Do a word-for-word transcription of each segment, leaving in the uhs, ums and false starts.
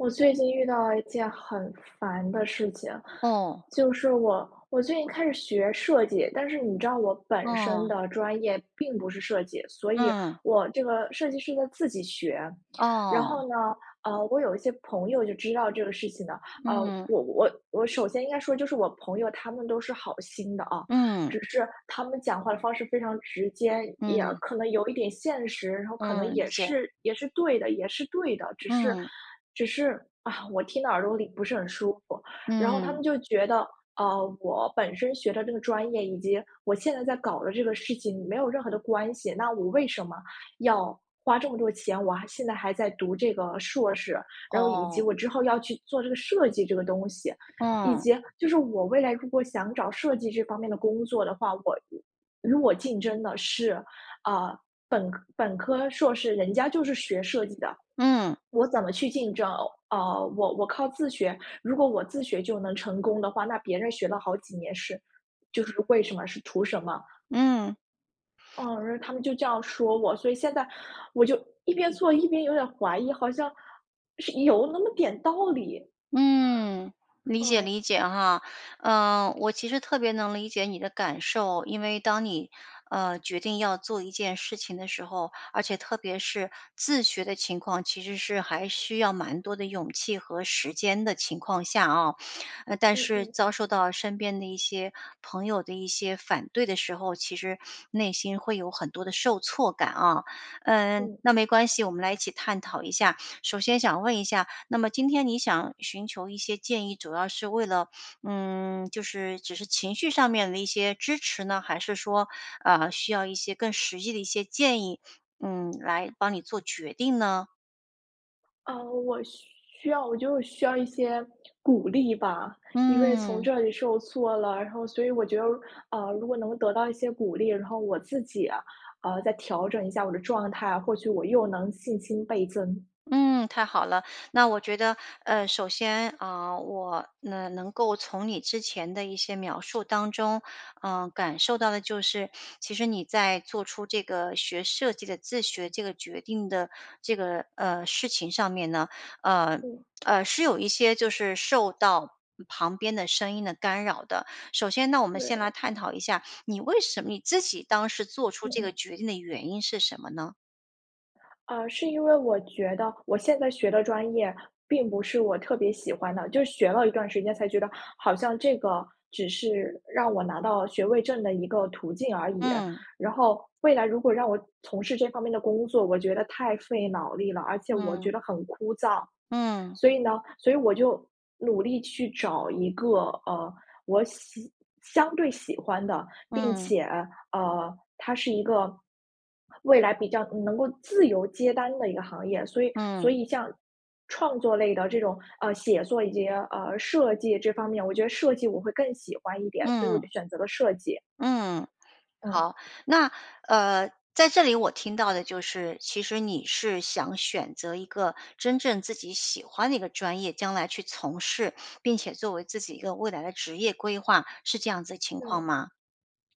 我最近遇到一件很烦的事情，嗯。就是我我最近开始学设计，但是你知道我本身嗯。的专业并不是设计，所以嗯。我这个设计是呢自己学。然哦。后呢，呃，我有一些朋友就知道这个事情的。呃，嗯。我我我首先应该说就是我朋友他们都是好心的啊，嗯。只是他们讲话的方式非常直接，也嗯。可能有一点现实，然后可能嗯，理也解。是也是对的，也是对的，只是嗯。只是，啊，我听到耳朵里不是很舒服。然后他嗯。们就觉得，呃，我本身学的这个专业以及我现在在搞的这个事情没有任何的关系，那我为什么要花这么多钱，我还现在还在读这个硕士。然后以哦。及我之后要去做这个设计这个东西，以嗯。及就是我未来如果想找设计这方面的工作的话，我与我竞争的是，啊，本科本科硕士，人家就是学设计的，嗯。我怎么去竞争啊呃，我我靠自学。如果我自学就能成功的话，那别人学了好几年是就是为什么？是图什么？嗯。嗯，然后他们就这样说我，所以现在我就一边做一边有点怀疑，好像，是有那么点道理。嗯，理解哦。理解哈。呃，我其实特别能理解你的感受。因为当你，呃，决定要做一件事情的时候，而且特别是自学的情况，其实是还需要蛮多的勇气和时间的情况下啊。呃，但嗯是嗯。遭受到身边的一些朋友的一些反对的时候，其实内心会有很多的受挫感啊。嗯，嗯。那没关系，我们来一起探讨一下。首先想问一下，那么今天你想寻求一些建议，主要是为了，嗯，就是只是情绪上面的一些支持呢？还是说，啊，需要一些更实际的一些建议，嗯，来帮你做决定呢？啊，我需要我觉得我需要一些 鼓励吧。因为从嗯。这里受挫了，然后所以我觉得，呃，如果能得到一些鼓励，然后我自己，呃，再调整一下我的状态，或许我又能信心倍增。嗯，太好了，那我觉得，呃，首先，嗯，我能能够从你之前的一些描述当中，嗯，感受到的就是，其实你在做出这个学设计的自学这个决定的这个，呃，事情上面呢，呃嗯。呃，是有一些就是受到旁边的声音的干扰的。首先呢，我们先来对。探讨一下你为什么你自己当时做出嗯这个嗯。决定的原因是什么呢？啊，是因为我觉得我现在学的专业并不是我特别喜欢的。就学了一段时间才觉得，好像这个只是让我拿到学位证的一个途径而已。嗯。然后未来如果让我从事这方面的工作，我觉得太费脑力了，而且我嗯。觉得很枯燥。嗯。所以呢，所以我就努力去找一个，呃，我喜相对喜欢的，并嗯。且，呃，它是一个，未来比较能够自由接单的一个行业，所以所嗯。以像创作类的这种，呃，写作以及，呃，设计这方面，我觉得设计我会更喜欢一点，所以我就嗯。选择了设计。嗯，哦。好，那，呃，在这里我听到的就是，其实你是想选择一个真正自己喜欢的一个专业，将来去从事，并且作为自己一个未来的职业规划，是这样子的情对。况吗？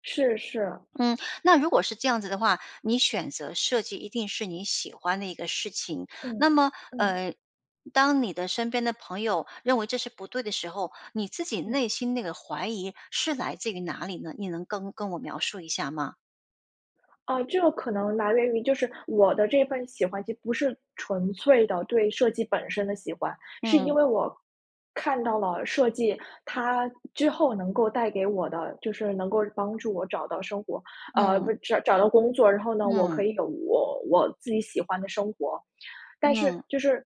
是是。嗯，那如果是这样子的话，你选择设计一定是你喜欢的一个事情。嗯，那么，嗯。嗯，当你的身边的朋友认为这是不对的时候，你自己嗯。内心那个怀疑是来自于哪里呢？你能跟跟我描述一下吗？哦，这个可能来源于就是我的这份喜欢就不是纯粹的对设计本身的喜欢。是因嗯。为我，看到了设计，它之后能够带给我的就是能够帮助我找到生活呃，嗯。不是找到工作。然后呢，我可嗯。以有我我自己喜欢的生活。但是嗯。就是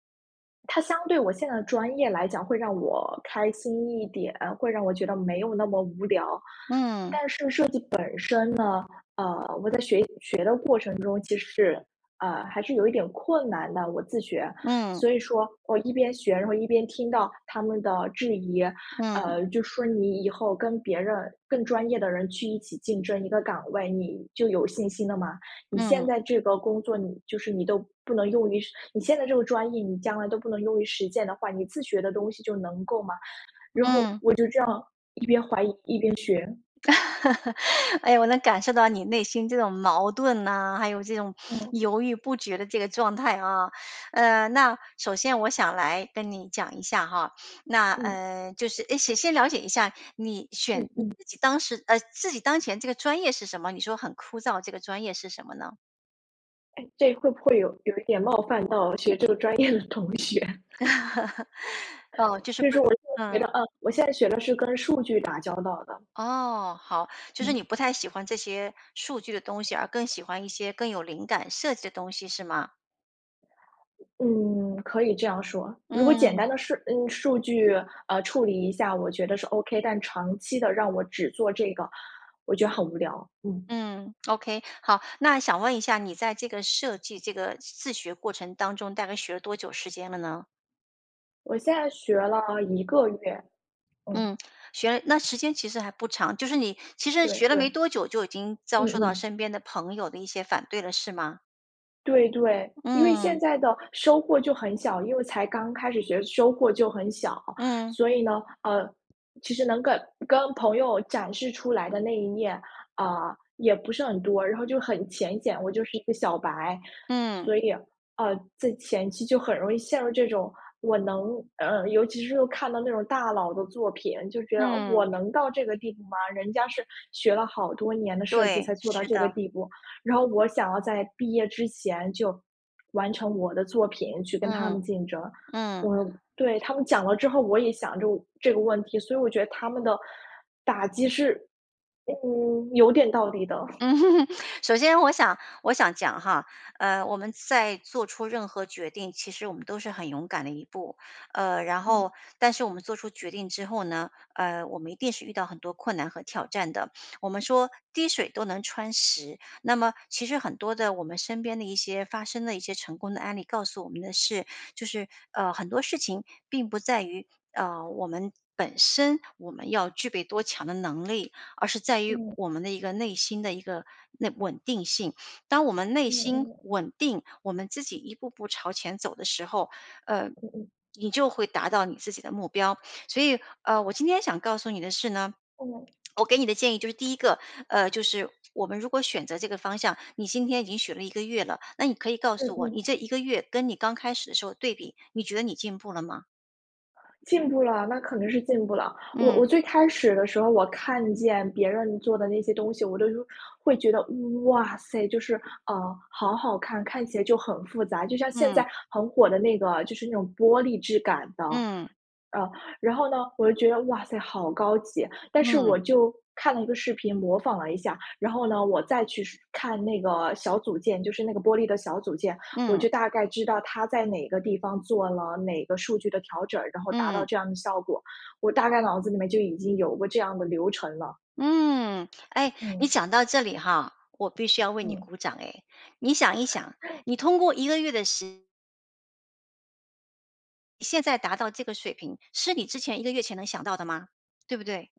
它相对我现在的专业来讲，会让我开心一点，会让我觉得没有那么无聊。嗯。但是设计本身呢呃，我在学习学的过程中，其实，啊，还是有一点困难的，我自学。嗯。所以说我一边学，然后一边听到他们的质疑，嗯。呃，就说：”你以后跟别人更专业的人去一起竞争一个岗位，你就有信心了吗？你现嗯。在这个工作你就是你都不能用于实你现在这个专业，你将来都不能用于实践的话，你自学的东西就能够吗？”然后嗯。我就这样，一边怀疑一边学。哎，我能感受到你内心这种矛盾呢，还有这种哦。犹豫不决的这个状态啊。嗯，那首先我想来跟你讲一下哈，那嗯。呃，就是哎，显先了解一下你选嗯你嗯。自己当时呃，自己当前这个专业是什么？你说很枯燥，这个专业是什么呢？诶，这会不会有有一点冒犯到学这个专业的同学。嗯，就是所不以我现嗯。在觉得，嗯，我现在学的是跟数据打交道的。哦，好，就是嗯。你不太喜欢这些数据的东西而更喜欢一些更有灵感、设计的东西是吗？嗯，可以这样说。如果简嗯。单的是嗯，数据，嗯，处理一下，我觉得是 OK，但长期地让我只做这个，我觉得很无聊。嗯。嗯，OK，好，那想问一下你在这个设计这个自学过程当中大概学了多久时间了呢？我现在学了一个月，嗯。嗯，学了那时间其实还不长，就是你其实对学了对。没多久就已经嗯遭受到嗯。身边的朋友的一些反对了是吗？对对。因为现嗯。在的收获就很小，因为才刚开始觉得收获就很小。嗯。所以呢，呃，其实能跟跟朋友展示出来的那一面，呃，也不是很多，然后就很浅显，我就是一个小白。嗯。所以，呃，在前期就很容易陷入这种，我能呃，尤其是看到那种大佬的作品，就觉得：“我嗯。能到这个地步吗？人家是学了好多年的设计对，才做到是这个的。地步”。然后我想要在毕业之前就完成我的作品去跟他嗯，们竞争。嗯。我对，他们讲了之后，我也想这这个问题，所以我觉得他们的打击是，嗯，有点道理的。嗯。首先我想我想讲哈，呃，我们在做出任何决定，其实我们都是很勇敢的一步。呃，然嗯。后但是我们做出决定之后呢，呃，我们一定是遇到很多困难和挑战的，我们说滴水都能穿石，那么其实很多的我们身边的一些发生了一些成功的案例，告诉我们的是，就是，呃，很多事情并不在于，呃，我们本身，我们要具备多强的能力，而是在于嗯。我们的一个内心的一个，内稳定性。当我们内嗯心嗯。稳定，我们自己一步步朝前走的时候，呃，嗯嗯。你就会达到你自己的目标。所以，呃，我今天想告诉你的是呢，嗯。我给你的建议就是第一个，呃，就是我们如果选择这个方向，你今天已经学了一个月了，那你可以告嗯诉我，你嗯。这一个月跟你刚开始的时候对比，你觉得你进步了吗？进步了，那肯多是进步了。我我嗯。最开始的时候我看见别人做的那些东西，我都会觉得：“哇塞！”就是，嗯，好好看，看起来就很复杂。就像现嗯。在很火的那个就是那种玻璃质感的。嗯。呃，然后呢，我就觉得：“哇塞好高级。”但是我嗯。就看了一个视频模仿了一下。然后呢，我再去是看那个小组件，就是那个玻璃的小组件，我嗯。就大概知道他在哪个地方做了哪个数据的调整，然后达到嗯。这样的效果。我大概脑子里面就已经有过这样的流程了。嗯，诶！你嗯。讲到这里哈，我必须要为你嗯。鼓掌哎。你想一想，你通过一个月的时现在达到这个水平，是你之前一个月前能想到的吗？对不对？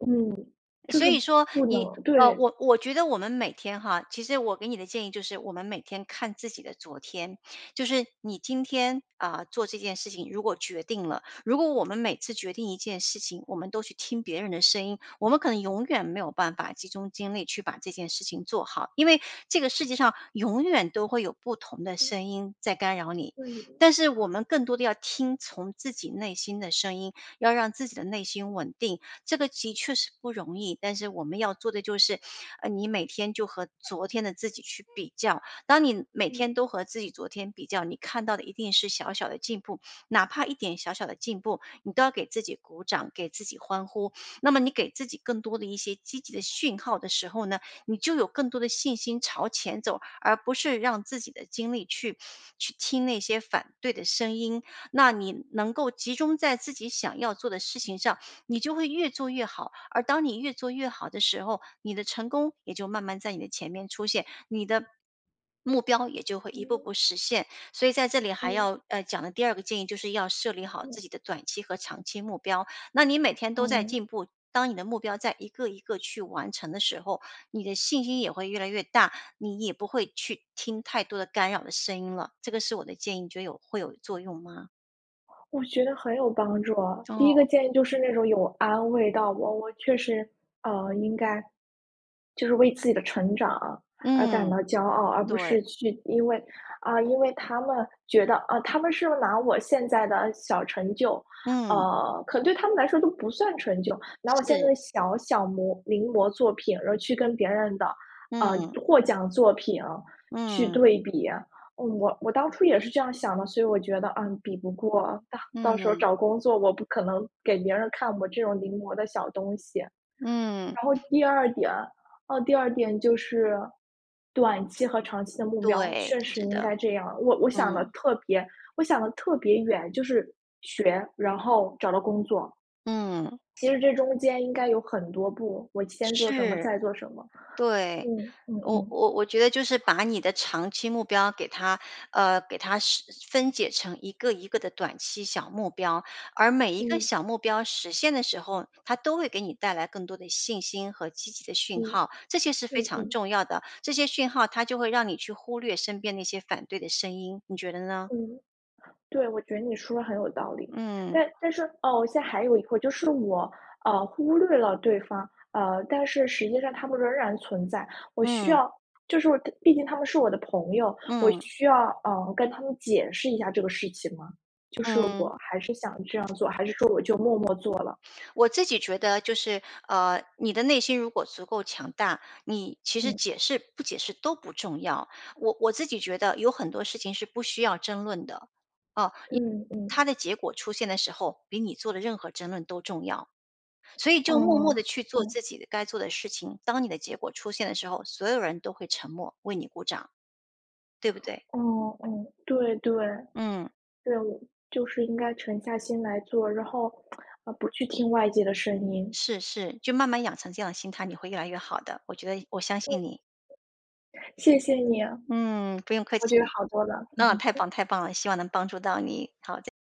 嗯，就所是以说，不你，能呃，对。我我觉得我们每天哈其实我给你的建议就是我们每天看自己的昨天。就是你今天，呃，做这件事情如果决定了，如果我们每次决定一件事情，我们都去听别人的声音，我们可能永远没有办法集中精力去把这件事情做好，因为这个世界上永远都会有不同的嗯。声音在干扰你。对的。但是我们更多的要听从自己内心的声音，要让自己的内心稳定，这个的确是不容易。但是我们要做的就是，呃，你每天就和昨天的自己去比较，当你每嗯。天都和自己昨天比较，你看到的一定是小小的进步。哪怕一点小小的进步，你都要给自己鼓掌，给自己欢呼。那么你给自己更多的一些积极的讯号的时候呢，你就有更多的信心朝前走，而不是让自己的精力去去听那些反对的声音。那你能够集中在自己想要做的事情上，你就会越做越好。而当你越做越好的时候，你的成功也就慢慢在你的前面出现。你的目标也就会一步嗯。步实现。所以在这里还嗯。要，呃，讲的第二个建议就是要设立好自嗯。己的短期和长期目标，那你每天都在嗯。进步，当你的目标在一个一个去完成的时候，你的信心也会越来越大，你也不会去听太多的干扰的声音了。这个是我的建议，你觉得有会有作用吗？我觉得很有帮助啊。第一个哦。建议就是那种有安慰到我。我确实，呃，应该就是为自己的成长，而感嗯，到骄傲，而不对。是去因为啊，因为他们觉得，啊他们是拿我现在的小成就嗯。呃，可能对他们来说都不算成就，拿我现在是。的小小摹临摹作品，而去跟别人的，呃，嗯。获奖作品，去嗯。对比。我我当初也是这样想的，所以我觉得：“嗯，比不过。到到时候嗯。找工作，我不可能给别人看我这种临摹的小东西。”嗯。然后第二点啊，第二点就是，短期和长期的目标，对，确实是应的。该这样。我我想得嗯。特别我想得特别远，就是学，然后找到工作。嗯。其实这中间应该有很多步，我先做什么，是，再做什么，对。嗯，嗯我嗯。我我觉得就是把你的长期目标给它呃，给它实分解成一个一个的短期小目标。而每一个嗯。小目标实现的时候，它都会给你带来更多的信心和积极的讯嗯，号，这些是非嗯常嗯。重要的。这些讯号它就会让你去忽略身边那些反对的声音，你觉得呢？嗯。对，我觉得你说得很有道理。嗯。但但是哦，我现在还有一个就是我，呃，忽略了对方。呃，但是实际上他们仍然存在。我需嗯。要就是我他毕竟他们是我的朋友，我嗯。需要，呃，跟他们解释一下这个事情吗？就是嗯。我还是想这样做，还是说我就默默做了？我自己觉得就是，呃，你的内心如果足够强大，你，其实嗯。解释不解释都不重要。我我自己觉得，有很多事情是不需要争论的。啊，因为嗯，嗯。它的结果出现的时候，比你做的任何争论都重要。所以就默默哦，地去做自嗯。己的该做的事情。当你的结果出现的时候，所有人都会沉默，为你鼓掌。对不对？哦，哦，对，对。嗯。对我就是应该沉下心来做，然后，呃，不去听外界的声音。是是，就慢慢养成这样的心态，你会越来越好的。我觉得你我相嗯。信你。谢谢你啊。嗯，不用客我觉得气。好多了。那太 棒太棒了，希望能帮助到你。好，再